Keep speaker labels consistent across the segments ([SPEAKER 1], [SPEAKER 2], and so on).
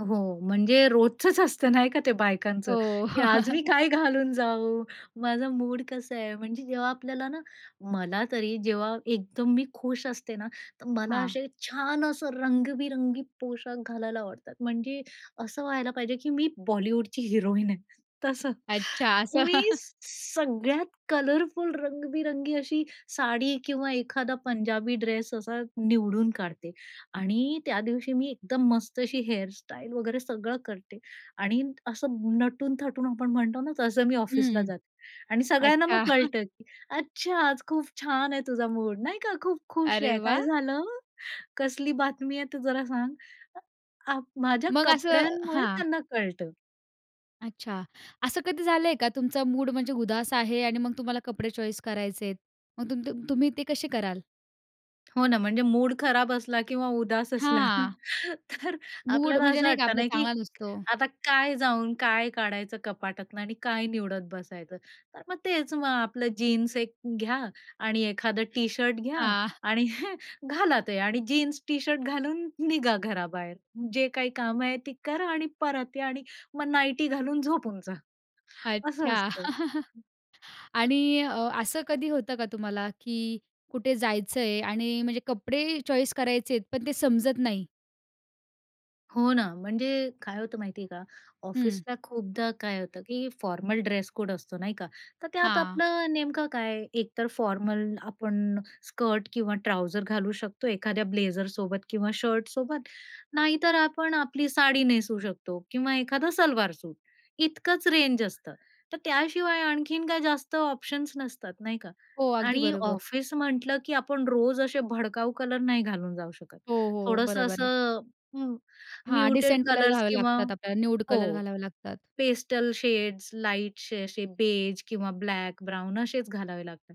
[SPEAKER 1] हो, म्हणजे रोजचंच असतं, नाही का, ते बायकांचं,
[SPEAKER 2] हो.
[SPEAKER 1] की आज मी काय घालून जाऊ? माझा मूड कसा आहे, म्हणजे जेव्हा आपल्याला ना मला तरी जेव्हा एकदम मी खुश असते ना, तर मला
[SPEAKER 2] हां.
[SPEAKER 1] असे छान, असं रंगबिरंगी पोशाख घालायला आवडतात. म्हणजे असं व्हायला पाहिजे, की मी बॉलिवूडची हिरोईन आहे तसं.
[SPEAKER 2] अच्छा. असं.
[SPEAKER 1] मी सगळ्यात कलरफुल, रंगबिरंगी अशी साडी किंवा एखादा पंजाबी ड्रेस असा निवडून काढते आणि त्या दिवशी मी एकदम मस्त अशी हेअरस्टाईल वगैरे सगळं करते. आणि असं नटून-थटून, आपण म्हणतो ना तसं, मी ऑफिसला
[SPEAKER 2] हं.
[SPEAKER 1] जाते. आणि सगळ्यांना मग
[SPEAKER 2] अच्छा.
[SPEAKER 1] कळतं, की "अच्छा, आज खूप छान आहे तुझा मूड, नाही का, खूप खुश
[SPEAKER 2] अरे
[SPEAKER 1] आहे, काय
[SPEAKER 2] वाह!
[SPEAKER 1] झालं? कसली बातमी आहे, ते जरा सांग." अ, माझ्या
[SPEAKER 2] मग असं
[SPEAKER 1] कपड्यांमुळे
[SPEAKER 2] हां.
[SPEAKER 1] त्यांना कळतं.
[SPEAKER 2] अच्छा. असं कधी झालंय का तुमचा मूड म्हणजे उदास आहे आणि मग तुम्हाला कपडे चॉईस करायचे आहेत, मग तुम तुम तुम्ही ते कसे कराल?
[SPEAKER 1] हो ना. म्हणजे मूड खराब असला किंवा उदास असला,
[SPEAKER 2] हां.
[SPEAKER 1] तर
[SPEAKER 2] मूड
[SPEAKER 1] आपल्याला
[SPEAKER 2] म्हणजे
[SPEAKER 1] असं
[SPEAKER 2] नाही का
[SPEAKER 1] वाटत
[SPEAKER 2] आपलं
[SPEAKER 1] नाही, की
[SPEAKER 2] चांगला नसतो.
[SPEAKER 1] आता काय जाऊन काय काढायचं कपाटातून आणि काय निवडत बसायचं, तर मग तेच मग आपलं जीन्स एक घ्या आणि एखाद टी-शर्ट घ्या
[SPEAKER 2] हां.
[SPEAKER 1] आणि घाला ते आणि जीन्स टी-शर्ट घालून निघा घराबाहेर, जे काही काम आहे ते करा आणि परत या आणि मग नाईटी घालून झोपून जा, असं
[SPEAKER 2] अच्छा.
[SPEAKER 1] असतं.
[SPEAKER 2] आणि अ, असं कधी होतं का तुम्हाला, की कुठे जायचं आहे आणि म्हणजे कपडे चॉईस करायचे आहेत, पण ते समजत नाही.
[SPEAKER 1] हो ना. म्हणजे काय होतं माहिती आहे का,
[SPEAKER 2] हं.
[SPEAKER 1] ऑफिसला खूपदा काय होतं, की फॉर्मल ड्रेस कोड असतो नाही का, तर त्यात
[SPEAKER 2] हां.
[SPEAKER 1] आपलं नेमकं काय, एकतर फॉर्मल आपण स्कर्ट किंवा ट्राउझर घालू शकतो, एखाद्या ब्लेझरसोबत किंवा शर्टसोबत, नाहीतर आपण आपली साडी नेसू शकतो किंवा एखादा सलवार-सूट, इतकंच रेंज असतं. तर त्याशिवाय आणखीन काय जास्त ऑप्शन्स नसतात, नाही का
[SPEAKER 2] हो. अगदी
[SPEAKER 1] आणि
[SPEAKER 2] बरोबर.
[SPEAKER 1] ऑफिस म्हंटलं, की आपण रोज असे भडकाऊ कलर नाही घालून जाऊ शकत.
[SPEAKER 2] हो, हो.
[SPEAKER 1] थोडंसं
[SPEAKER 2] बरोबर आहे.
[SPEAKER 1] असं हं,
[SPEAKER 2] हां,
[SPEAKER 1] म्युटेड
[SPEAKER 2] डिसेंट कलर
[SPEAKER 1] कलर्स
[SPEAKER 2] घालावे
[SPEAKER 1] किंवा
[SPEAKER 2] लागतात आपल्याला, न्यूड
[SPEAKER 1] हो
[SPEAKER 2] कलर घालावे लागतात.
[SPEAKER 1] पेस्टल शेड्स, लाईटशे असे बेज किंवा ब्लॅक, ब्राउन असेच घालावे लागतात.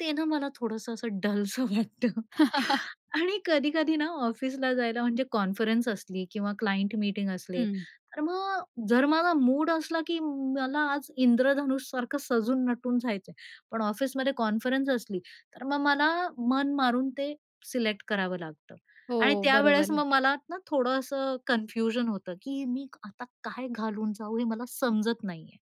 [SPEAKER 1] ते ना मला थोडंसं असं डलसं वाटतं आणि कधी-कधी ना ऑफिसला जायला, म्हणजे कॉन्फरन्स असली किंवा क्लायंट मीटिंग असले,
[SPEAKER 2] हं.
[SPEAKER 1] तर मग जर माझा मूड असला, की मला आज इंद्रधनुष सारखं सजून-नटून जायचं आहे, पण ऑफिसमध्ये कॉन्फरन्स असली, तर मग मला मन मारून ते सिलेक्ट करावं लागतं आणि
[SPEAKER 2] हो.
[SPEAKER 1] त्यावेळेस
[SPEAKER 2] बरोबर.
[SPEAKER 1] मग मला ना थोडं असं कन्फ्युजन होतं, की मी आता काय घालून जाऊ, हे मला समजत नाही आहे.